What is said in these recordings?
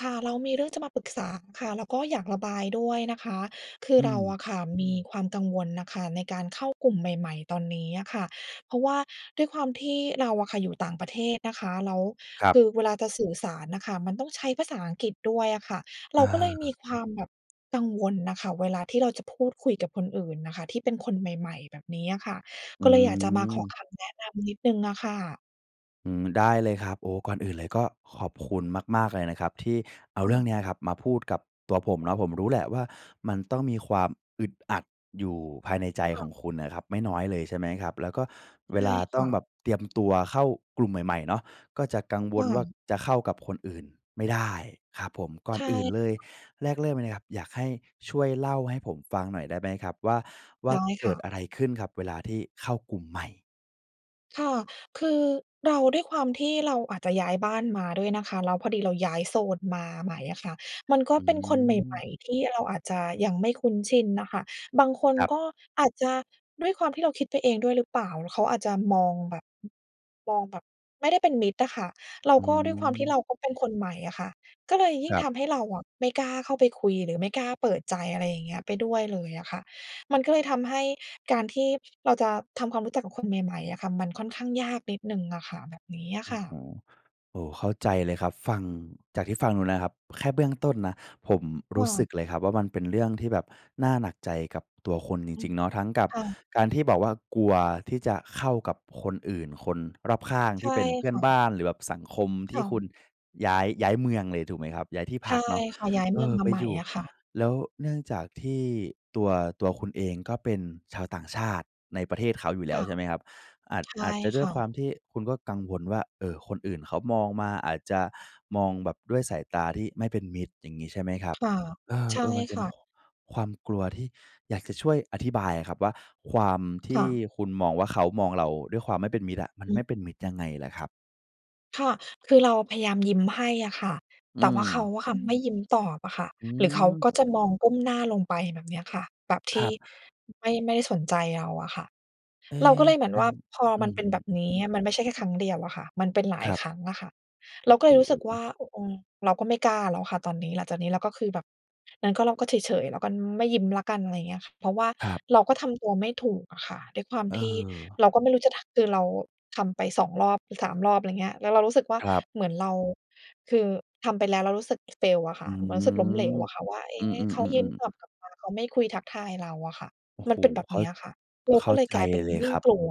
ค่ะ เรามีเรื่องจะมาปรึกษาค่ะ แล้วก็อยากระบายด้วยนะคะ คืออืเราม อะค่ะมีความกังวลน่ะค่ะ ในการเข้ากลุ่มใหม่ ๆ ตอนนี้อะค่ะ เพราะว่าด้วยความที่เราอะค่ะ อยู่ต่างประเทศนะคะ แล้วครคับ ือเวลาจะสื่อสารน่ะค่ะ มันต้องใช้ภาษาอังกฤษด้วยอะค่ะ เเราก็เลยมีออ ความแบบกังวลน่ะค่ะ เวลาที่เราจะพูดคุยกับคนอื่นน่ะค่ะ ที่เป็นคนใหม่ ๆ แบบนี้อะค่ะ อืก็เลยอยากจะมาขออ คำแนะนำนิดหนึ่งอะค่ะ อืม ได้เลยครับ โอ้ ก่อนอื่นเลยก็ขอบคุณมาก ๆ เลยนะครับ ที่เอาคเ่รื่องะ เนี้ยครับ มาพูดกับตัวผมเนาะ ผมรู้แหละว่า มันต้องมีความอึดอัดอยู่ภายในใจค่ขะ องคุณนะครับ ไม่น้อยเลยใช่ไหมครับ แล้วก็เใวช่ลาคต้อ่งะ แบบเตรียมตัวเข้ากลุ่มใหม่ ๆ เนาะ ก็จะกังวค่ลว่าะ จะเข้ากับคนอื่นไม่ได้ครับผม ก่ใอชนอื่นเลยแ่ แลกเริ่มเลยนะครับ อยากให้ช่วยเล่าให้ผมฟังหน่อยได้ไหมครับว่า ว่าได้เกคิ่ดะ อะไรขึ้นครับ เวลาที่เข้ากลุ่มใหม่? ค่ะ คือเรา ด้วยความที่เราอาจจะย้ายบ้านมาด้วยนะคะ แล้วพอดีเราย้ายโซนมาใหม่อะค่ะ มันก็อืเป็นคนใหมอ ่ ๆ ที่เราอาจจะยังไม่คุ้นชินน่ะค่ะ บางคนครับ ก็อาจจะด้วยความที่เราคิดไปเองด้วยหรือเปล่า แล้วเขาอาจจะมองแบบ มองแบบไม่ได้เป็นมิตรอะค่ะ เราอืก็ด้วยความที่อ เราก็เป็นคนใหม่อะค่ะ ก็เลยยิค่งรัทบ ำให้เราอะไม่กล้าเข้าไปคุย หรือไม่กล้าเปิดใจ อะไรอย่างเงี้ย ไปด้วยเลยอะค่ะ มันก็เลยทำให้การที่เราจะทำความรู้จักกับคน ใหม่ ๆ อะค่ะ มันค่อนข้างยากนิดหนึ่งอะค่ะ แบบนี้อะอืค้อ่ฮะ ือ โอ้โฮ เข้าใจเลยครับ ฟัง จากที่ฟังดูนะครับ แค่เบื้องต้นนะ ผมครู่้สะ ึกเลยครับว่า มันเป็นเรื่องที่แบบน่าหนักใจกับตัวคุณจอืรม ิง ๆ เนาะ ทั้งกับค่ะ การที่บอกว่ากลัวที่จะเข้ากับคนอื่น คนรอบข้างใชที่่เป็นเพื่อคน่ะ บ้าน หรือแบบสังคมทคี่่คุะ ณย้าย ย้ายเมืองเลยถูกไหมครับ ย้ายที่ใพช่ักเนาะ ค่ะ ย้ายเเมอืองอ มาไปใหมอ่ยู่ อะค่ะ แล้วเนื่องจากที่ตัว ตัวคุณเองก็เป็นชาวต่างชาติในประเทศเขาอยู่แลค้ว่ะ ใช่ไหมครับ อาจ ใชอ่าจจะดค้วย่ควะ ามที่คุณก็กังวลว่า เออ คนอื่นเขามองมา อาจจะมองแบบด้วยสายตาที่ไม่เป็นมิตร อย่างงี้ใช่ไหมครับ ค่ะ เใช่ออ ๆ มันเปค็น ่ค ะ ความกลัวที่อยากจะช่วยอธิบายอะครับว่า ความทคี่่ะ คุณมองว่า เขามองเราด้วยความไม่เป็นมิตรอะ มันอืไมอ ่เป็นมิตรยังไงเหรอครับ? ค่ะ คือเราพยายามยิ้มให้อะค่ะ อืแต่ว่าเขาม อะค่ะไม่ยิ้มตอบอะค่ะ อืหรือเขาม ก็จะมองก้มหน้าลงไป แบบเนี้ยค่ะ แบบทคีรั่บ ไม่ ไม่ได้สนใจเราอะค่ะ เอ๊ เราก็เลยเหมือนอัว่า น พออืมันเป็นแบม บๆ นๆ ี้ มันไม่ใช่แค่ครั้งเดียวอะค่ะ มันเป็นหลาคยรับ ครั้งอะค่ะ เราก็เโลอย้รู้สึกโวฮ ่า อ อืม เราก็ไม่กล้าแล้วค่ะตอนนี้ หลังจากนี้แล้วก็คือแบบ งั้นก็เราก็เฉย ๆ แล้วก็ไม่ยิ้มแล้วกัน อะไรเงี้ยค่ะ เพราะว่าครับ เราก็ทำตัวไม่ถูกอะค่ะด้วยความเที่ออ เราก็ไม่รู้จะทัก คือเราทำไป 2 รอบ 3 รอบ ไรเงี้ย แล้วเรารู้สึกว่าครับ เหมือนเรา คือทำไปแล้วเรารู้สึก fail อะคอ่ืะ มันรู้สึกล้มเหลม วอะค่ะว่า เอ๊ อือ ๆ ๆ ๆ เขาไม่ยิ้มตอบกลับมา เขาไม่คุยทักทายเราอะค่ะ โอ้มโฮ ันเป็นแบบเข้เนา ี้ยค่ะ เราเขก็้าเลยใจกลายเป็นเลยยิ่คงรับ กลัว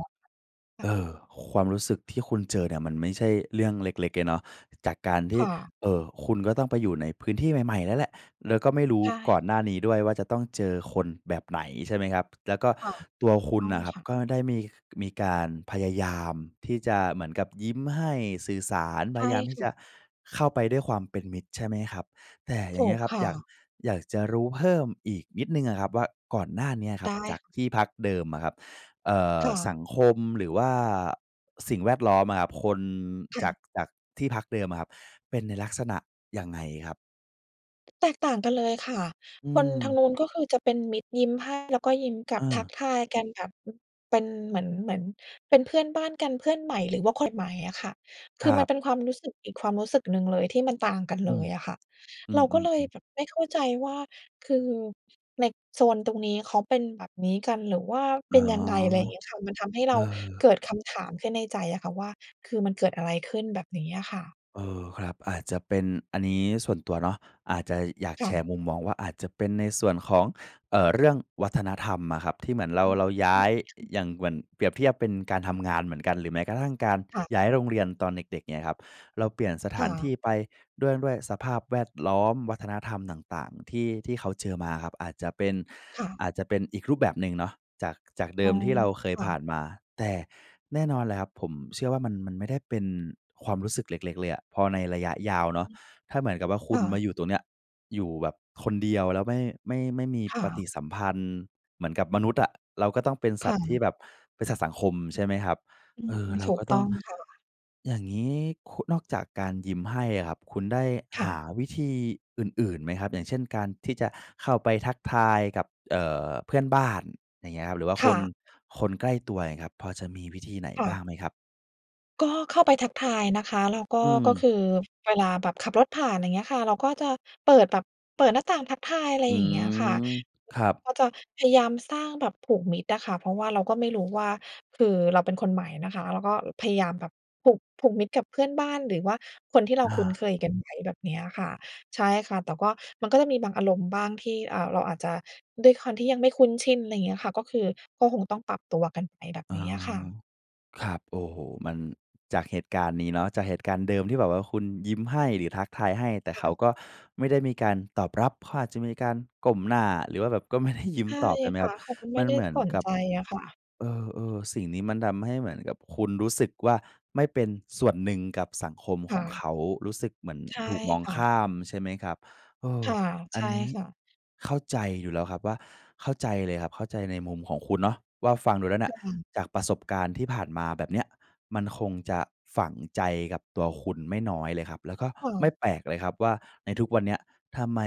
ค่ะ เออ ความรู้สึกที่คุณเจอเนี่ยมันไม่ใช่เรื่องเล็ก ๆ เลยเนาะ จากการทีค่ ่ะ เอ่อ คุณก็ต้องไปอยู่ในพื้นที่ใหม่ ๆ นั่นแหละ แล้วก็ไม่รู้ใชก่ ่อนหน้านี้ด้วยว่าจะต้องเจอคนแบบไหนใช่ไหมครับ? แล้วก็ค่ะ ตัวคุตณ้องน่ะครัคบ ่ะ ก็ได้มี มีการพยายามที่จะเหมือนกับยิ้มให้ สื่อสาร ใพชย่ายามทคี่่ะ จะเข้าไปด้วยความเป็นมิตร ใช่ไหมครับ? แต่อยถ่างเูงี้กยครับ ค่อยาก ะ อยากจะรู้เพิ่มอีกนิดหนึ่งอะครับว่า ก่อนหน้าเนี้ยคไรัดบจา้ กที่พักเดิมอะครับ เอ่อ ค่สะ ังคม หรือว่าสิ่งแวดล้อมอะครับ คนค่จาะ ก จากที่พักเดิมอะครับเป็นในลักษณะยังไงครับ? แตกต่างกันเลยค่ะ อืคนทาม งนู้น ก็คือจะเป็นมิตร ยิ้มให้แล้วก็ยิ้มกลัเบ ทักออ ทายกันแบบ เป็นเหมือน เหมือนเป็นเพื่อนบ้านกัน เพื่อนใหม่ หรือว่าคนใหม่อะค่ะ คืคอรมัันบ เป็นความรู้สึกอีกความรู้สึกหนึ่งเลยที่มันต่างกันเอืลม ยอะค่ะ อืเราก็เลยม ๆ ๆ แบบไม่เข้าใจว่า คือในโซนตรงนี้เขาเป็นแบบนี้กัน หรือว่าเอป๋อ ็นยังไง? ไรงี้ค่ะ มันทำให้เเอราอ เกิดคำถามขึ้นในใจอะค่ะว่า คือมันเกิดอะไรขึ้น? แบบนี้อะค่ะ เออ ครับ อาจจะเป็น อันนี้ส่วนตัวเนาะ อาจจะ อยากคแ่ชระ ์มุมมองว่า อาจจะเป็นในส่วนของ เอ่อ เรื่องวัฒนธรรมอะครับ ที่เหมือนเรา อืม เราย้าย ค่ะ อย่างเหมือน เปรียบเทียบเป็นการทำงานเหมือนกัน หรือแม้กระทั่งการค่ะ ย้ายโรงเรียนตอนเด็ก ๆ เงี้ยครับ เราเปลี่ยนสถคา่นทีะ ่ไป ด้วย ด้วยสภาพแวดล้อม วัฒนธรรมต่าง ๆ ที่ ที่เขาเจอมาครับ อาจจะเป็น ค่ะ อาจจะเป็นอีกรูปแบบหนึ่งเนาะ จาก จากเดอิ๋อ มที่เราเคคย่ผะ ่านมา แต่แน่นอนเลยครับ ผมเชื่อว่ามัน มันไม่ได้เป็นความรู้สึกเล็ก ๆ เลยอะ พอในระยะยาวเนาอะ ืม ถ้าเหมือนกับว่าคคุ่ณะ มาอยู่ตรงเนี้ย อยู่แบบคนเดียว แล้วไม่ ไม่ ไม่มีค่ปฏะ ิสัมพันธ์ เหมือนกับมนุษย์อะเราก็ต้องเป็นสคั่ตว์ที่ะ แบบ เป็นสัตว์สังคม ใช่ไหมครับ? อืเอม อ เราถูกก็ตต้้ออง งค่ะ อย่างงี้ คุ นอกจากการยิ้มให้อะครับ คุณได้คห่ะ าวิธีอื่น ๆ ไหมครับ? อย่างเช่น การที่จะเข้าไปทักทายกับ เอ่อ เพื่อนบ้าน อย่างเงี้ยครับ หรือว่าคค่น ะ คนใกล้ตัวเงี้ยครับ พอจะมีวิธีไหนค่บะ ้างไหมครับ? ก็เข้าไปทักทายนะคะ แล้วก็ อืก็ม คือ เวลาแบบขับรถผ่าน ไรเงี้ยค่ะ เราก็จะเปิดแบบ เปิดหน้าต่างทักทาย ไรอือย่างเงี้ยค่ะ ม คครัือบ ก็จะพยายามสร้าง แบบผูกมิตรอะค่ะ เพราะว่าเราก็ไม่รู้ ว่า คือเราเป็นคนใหม่นะคะ เราก็ เอ่อ พยายามแบบผูก ผูกมิตรกับเพื่อนบ้าน หรือว่าคนที่เราอคุ้นเา คยกัน ใช้แบบเนี้ยค่ะ ใช่ค่ะ แต่ก็ มัน ก็จะมีบางอารมณ์บ้างที่ อ่า เราอาจจะ ด้วยความที่ยังไม่คุ้นชิน ไรเงี้ยค่ะ ก็คือ ก็คงต้องปรับตัวกันไปแบบอนะี้อฮะค่ะ ะ ครับ โอ้โฮ! มัน จากเหตุการณ์นี้เนาะ จากเหตุการณ์เดิมที่แบบว่าคุณยิ้มให้ หรือทักทายให้ แต่คเข่าะ ก็ไม่ได้มีการตอบรับ เขาอาจจะมีการก้มหน้า หรือว่าแบบก็ ไม่ได้ ยิ้มให้ตอบ ใช่ไหมคคร่ัะ บ เขาก็ไมม่ันไดเ้หมือนสนกัใบ จอะค่ะ เออ ๆ สิ่งนี้มันทำให้เหมือนกับคุณรู้สึกว่า ไม่เป็นส่วนหนึ่งกับสังคมคข่องเขะ า รู้สึกเหมือนใช่ถูกมองค่ะ ข้าม ใช่ไหมครับ เออ ค่ะ อใัชน่นี้ ค่ะ เข้าใจอยู่แล้วครับว่า เข้าใจเลยครับ เข้าใจในมุมของคุณเนาะว่า ฟังดูแล้วเนีค่ย่ะ จากประสบการณ์ที่ผ่านมาแบบเนี้ย มันคงจะฝังใจกับตัวคุณไม่น้อยเลยครับ แล้วก็ค่ไม่ะ แปลกเลยครับว่า ในทุกวันเนี้ย ทำไม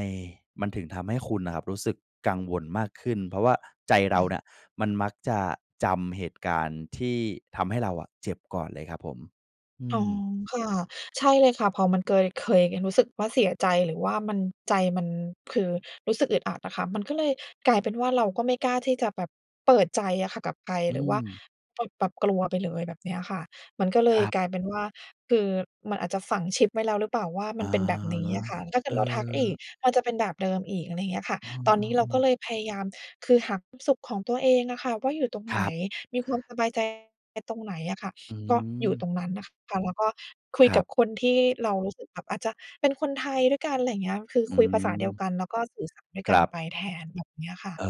มันถึงทำให้คุณน่ะครับรู้สึกกังวลมากขึ้น เพราะว่าใจเครา่นะ ่ะมันมักจะจำเหตุการณ์ที่ทำให้เราอะเจ็บก่อนเลยครับผม อือ๋อ ม ค่ะ ใช่เลยค่ะ พอมันเกย เคยกันรู้สึกว่าเสียใจหรือว่ามัน ใจมันคือ รู้สึกอึดอัดอะค่ะ มันก็เลยกลายเป็นว่าเราก็ไม่กล้าที่จะแบบเปิดใจอะค่ะกับใคร อืหรือว่า ม ปุบปับ กลัวไปเลยแบบเนี้ยค่ะ มันก็เลคยรับ กลายเป็นว่า คือมันอาจจะฝังชิปไว้แล้วหรือเปล่าว่าอมัะนเป็นแบบนี้ฮะ อะค่ะ ถ้าเกเิอดเราทักอีก อ มันจะเป็นแบบเดิมอีก อะไรเงี้ยค่ะ อืตอนนี้เราก็อ ๆ ๆ เลยพยายาม คือหาความสุขของตัวเองอะค่ะว่า อยู่ตรงคไหรน ับ มีความสบายใจ ไอ้ตรงไหนอะค่ะ อืก็อยู่ตม รงนั้นน่ะค่ะ ค่ะ แล้วก็คุคยรกัับบ คนที่เรารู้สึกแบบ อาจจะ เป็นคนไทยด้วยกัน ไรเงี้ย คืออืคุยภาษาเดียวม กัน แล้วก็สื่อสารด้วยคกัรนัไบ ปแทน แบบเนี้ยค่ะ เอ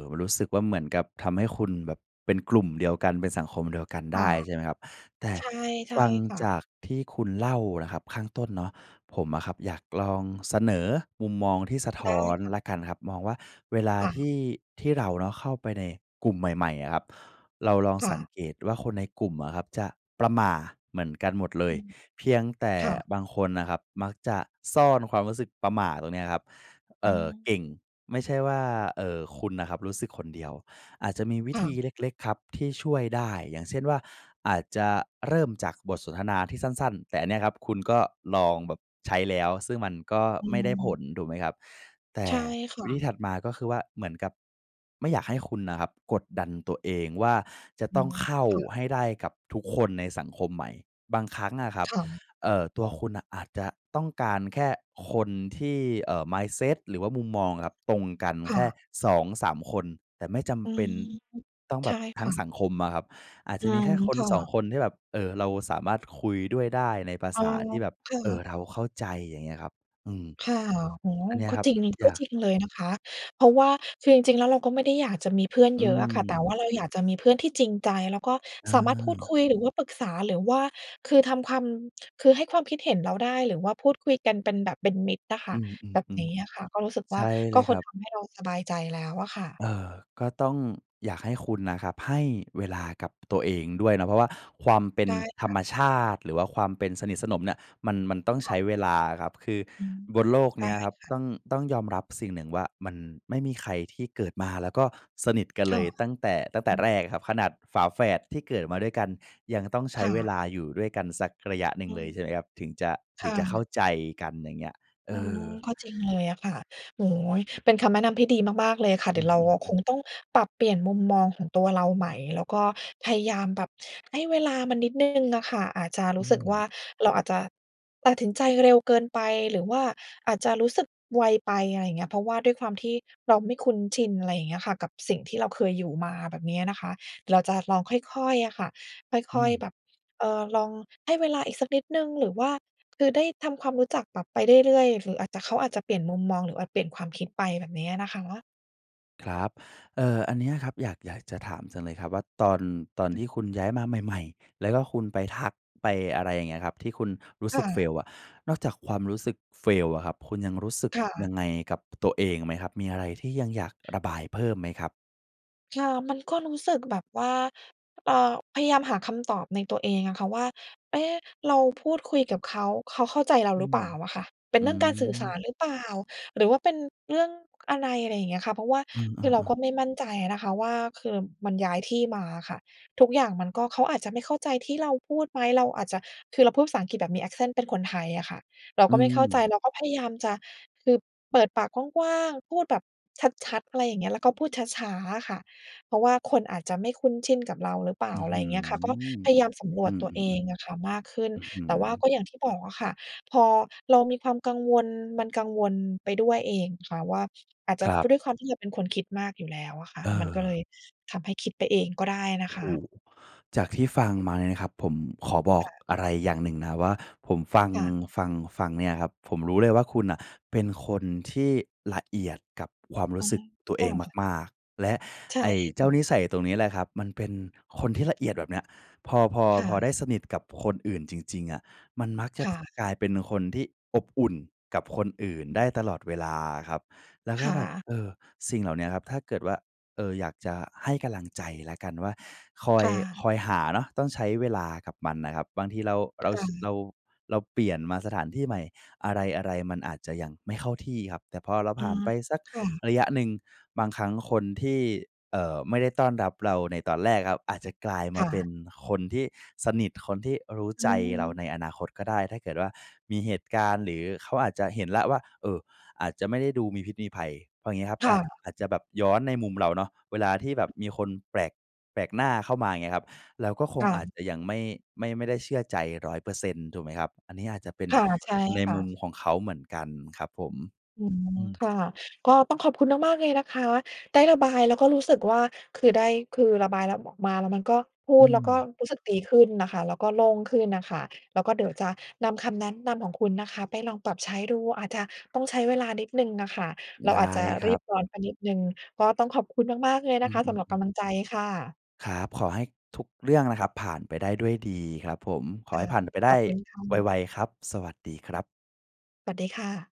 อ ๆ รู้สึกว่าเหมือนกับทำให้คุณแบบเป็นกลุ่มเดียวกัน เป็นสังคมเดียวกันคได่้ ะ ใช่ไหมครับ แต่ ใช่ ใชฟ่ังค่ะ จากที่คุณเล่านะครับข้างต้นเนาะ ผมอะครับอยากลองเสนอมุมมองที่สะทได้้อนค่ะ แล้วกันครับ มองว่าเวลาค่ทะ ี่ ที่เราเนาะเข้าไปในกลุ่มใหม่ ๆ อะครับ เราลองค่สัะ งเกตว่าคนในกลุ่มอะครับจะประหม่าเหมือนกันหมดเลอย ืม เพียงแต่ค่ะ บางคนน่ะครับมักจะซ่อนความรู้สึกประหม่าตรงเนี้ยครับ เออื่อ เกม ่ง ไม่ใช่ว่า เอ่อ คุณน่ะครับรู้สึกคนเดียว อาจจะมีวิค่ธีะ เล็ก ๆ ครับที่ช่วยได้ อย่างเช่นว่า อาจจะเริ่มจากบทสนทนาที่สั้น ๆ แต่อันเนี้ยครับคุณก็ลองแบบใช้แล้ว ซึ่งมันก็อไม่ได้ผืม ล ถูกไหมครับ? แต่ ใช่ค่วิะ ธีถัดมาก็คือว่าเหมือนกับ ไม่อยากให้คุณน่ะครับกดดันตัวเองว่า จะอืต้องม เข้าค่ะ ให้ได้กับทุกคนในสังคมใหม่ บางครั้งอะครับ ค่ะ เอ่อ ตัวคุณน่ะอาจจะต้องการแค่คนที่ เอ่อ mindset หรือว่ามุมมองอะครับตรงกันคแ่ค่ ะ 2-3 คน แต่ไม่จอืำเปอ็นฮึ ต้องใแชบ่บทคั้่งสะ ังคมอะครับ อาจอจืะมีแม ค่ คคน่สอะ ง คนที่แบบ เออ เราสามารถคุยด้วยได้ในภาอ๋ษอ าที่แบบ ค่เออ ะ เราเข้าใจ อย่างเงี้ยครับ อืม ค่ะ โอ้โฮ! อันเนี้ยก็ครับ จริง อกย็าจก ริงเลยนะคะ เพราะว่า คือจริง ๆ แล้วเราก็ไม่ได้อยากจะมีเพื่อนอืเยอะอะค่ะ แต่ม ว่าเราอยากจะมีเพื่อนที่จริงใจ แล้วก็อสามารถพูดคา ุย หรือว่าปรึกษา หรือว่า คือทำความ คือให้ความคิดเห็นเราได้ หรือว่าพูดคุยกันเป็นแบบ เป็นมิตรอะคอ่ืะ แบบม นี้อะค่ะ ก็รูๆ ้สึกๆ ใวช่า ่กเล็ยคคน รับ ทำให้เราสบายใจแล้วอะค่ะ เออ ก็ต้อง อยากให้คุณน่ะครับให้เวลากับตัวเองด้วยนะ เพราะว่าความเป็ไนด้ธคร่ะ รมชาติ หรือว่าความเป็น สนิทสนมเนี่ย มัน มันต้องคใช่้ะ เวลาอะครับ คืออืม บนโลกไดเน้ี้ยครับ ค่ะ ต้อง ต้องยอมรับสิ่งหนึ่งว่า มันไม่มีใครที่เกิดมา แล้วก็สนิทกันคเล่ะ ยตั้งแต่ ตั้งแอต่ืม แรกอะครับ ขนาดฝาแฝดที่เกิดมาด้วยกันยังต้องใชค้่เวะ ลาอยู่ด้วยกันสักระยะหนึ่องืเลย ม ใช่ไหมครับ ถึงจะ คถึ่งจะเะ ข้าใจกัน อย่างเงี้ย เออะอ ฮะ ก็จริงเลยอะค่ะ โอ้โฮ! เป็นคำแนะนำที่ดีมาก ๆ เลยค่ะ อเดืี๋ยวเรา อ คอ ๆ ๆ งต้องปรับเปลี่ยน มุมมองของตัวเราใหม่ แล้วก็พยายามแบบให้เวลามันนิดหนึ่งน่ะค่ะ อาจจะอรูื้สึกว่ม า เราอาจจะ ตัดสินใจ เร็วเกินไปหรือว่าอาจจะรู้สึกไวไป อะไรเงี้ย เพราะว่าด้วยความที่เราไม่คุ้นชิน อะไรเงี้ยค่ะ กับสิ่งที่เราเคยอยู่มา แบบเนี้ยนะคะ เราจะลองค่อย ๆ อะค่ะ อคื่อย ๆ ม แบบ เอ่อ ลองให้เวลาอีกสักนิดหนึ่ง หรือว่า คือได้ทำความรู้จักแบบไปเรื่อย ๆ หรืออาจจะ เขาอาจจะเปลี่ยนมุมมอง หรืออาจเปลี่ยนความคิดไปแบบเนี้ยนะคะ ครับ เอ่อ อันเนี้ยครับอยาก อยากจะถามจังเลยครับว่า ตอน ตอนที่คุณย้ายมาใหม่ ๆ แล้วก็คุณไปทัก ไป อะไรอย่างเงี้ยครับ ที่คุณรู้คส่ึก ะ fail อะ นอกจากความรู้สึก fail อะครับ คุณยังรู้สึกค่ะ ยังไงกับตัวเองไหมครับ? มีอะไรที่ยังอยากระบายเพิ่มไหมครับ? ค่ะ มันก็รู้สึกแบบว่า เอ่อ พยายามหาคำตอบในตัวเองอะค่ะว่า เอ๊ะ! เราพูดคุยกับเขา เขาเข้าใจเราอืหรือเปม ล่าอะค่ะ เป็นอืเรื่องการสื่อสาม รหรือเปล่า หรือว่าเป็นเรื่องอะไร อะไรอย่างเงี้ยค่ะ เพราะว่าอืม เอคือเราอ กๆ ็ไม่มั่นใจอะนะคะว่า คือมันย้ายที่มาอะค่ะ ทุกอย่างมันก็ เขาอาจจะไม่เข้าใจที่เราพูดไหม เราอาจจะ คือเราพูดภาษาอังกฤษแบบมี accent เป็นคนไทยอะค่ะ เราอืก็ไม่เข้าใจ ม เราก็พยายามจะ คือเปิดปากกว้าง ๆ พูดแบบชัด ๆ อะไรอย่างเงี้ย แล้วก็พูดช้า ๆ อะค่ะ เพราะว่าคนอาจจะไม่คุ้นชินกับเราหรือ เปล่า อื้ออะฮไรือ เงี้ยค่ะ ก็พยายามสำรอืวจม ตัวเองอๆ ะค่ะมากขึ้น ๆ อื้อฮืแต่อ ว่าก็อย่างที่บอกอะค่ะ พอเรามีความกังวล มันกังวลไปด้วยเองค่ะว่า อาจจคะรัเพรบ าะด้วยความที่เราเป็นคนคิดมากอยู่แล้วอะค่ะ เมันก็เลออ ยทำให้คิดไปเองก็ได้นโะอ้คโฮ! ะ จากที่ฟังมาเนี่ยนะครับผม ขอบอคก่ะ อะไรอย่างหนึ่งนะครับว่า ผมฟัง ค่ะ ฟัง ฟังเนี่ยนะครับ ผมรู้เลยว่า คุณน่ะเป็นคนที่ละเอียดกับความรอู้ะสฮึกะ ตัวคเอ่งะ มาก ๆ แล้วใช่ไอ้เจค้า่ะ นิสัยตรงนี้แหละครับ มันเป็น คนที่ละเอียดแบบเนี้ย พอ พอ ค่พอะ ได้สนิทกับคนอื่นจริง ๆ อะ มันมักจคะ ่ท ะ กลายเป็นคนที่อบอุ่นกับคนอื่นได้ตลอดเวลาอะครับ แล้วคก็่แบบ ะ เออ สิ่งเหล่าเนี้ยครับ ถ้าเกิดว่า เอ่อ อยากจะให้กำลังใจแล้วกันว่า คอคย ่ะ คอยหาเนาะ ต้องใช้เวลากับมันน่ะครับ บางทีเรา เรา ค่ช ะ เรา เราเปลี่ยนมาสถานที่ใหม่ อะไร ๆ มันอาจจะยังไม่เข้าที่ครับ แต่พอเราอผ๋อ ่านไปสักค่ะ ระยะหนึ่ง บางครั้งคนที่ เอ่อ ไม่ได้ต้อนรับเราในตอนแรกอะครับ อาจจะกลายคมา่เป็ะ นคนที่สนิท คนที่รู้อใืจอฮเราใึ นอนาคตก็ได้ ถ้าเกิดว่ามีเหตุการณ์ หรือเขาอาจจะเห็นแล้วว่า เออ อาจจะไม่ได้ดูมีพิษมีภัย เพราะอย่างงี้ครับ ค่อาจ ะ อาจจะแบบย้อนในมุมเราเนาะ เวลาที่แบบมีคนแปลก แปลกหน้าเข้ามาอย่างเงี้ยครับ เราก็คคง่ะ อาจจะยังไม่ ไม่ ไม่ได้เชื่อใจ 100% ถูกไหมครับ? อันนี้ อาจจะเป็นค่ะ ใช่ในค่มุมะ ของเขาเหมือนกันครับผม อือฮึ อืม ค่ะ ก็ต้องขอบคุณ มาก ๆ เลยนะคะ ได้ระบายแล้วก็รู้สึกว่า คือได้ คือระบายแล้วบอกมา แล้วมันก็ พูอืดแล้วก็ม รู้สึกดีขึ้นน่ะค่ะ แล้วก็โล่งขึ้นน่ะค่ะ แล้วก็เดี๋ยวจะนำคำแนะนำของคุณนะคะไปลองปรับใช้ดู อาจจะต้อง ใช้เวลานิดหนึ่งน่ะค่ะ เราไดอาจ้จะครรีับบ ร้อนไปนิดหนึ่ง ก็ต้องขอบคุณมาก ๆ เลยนอืะคะสำหม รับๆ กๆ ำลังใจค่ะ ครับ ขอให้ทุกเรื่องนะครับผ่านไปได้ด้วยดีครับผม ขอคให่้ะ ผ่านไปไดข้อบคุณค่ไะ ว ๆ ครับ สวัสดีครับ สวัสดีค่ะ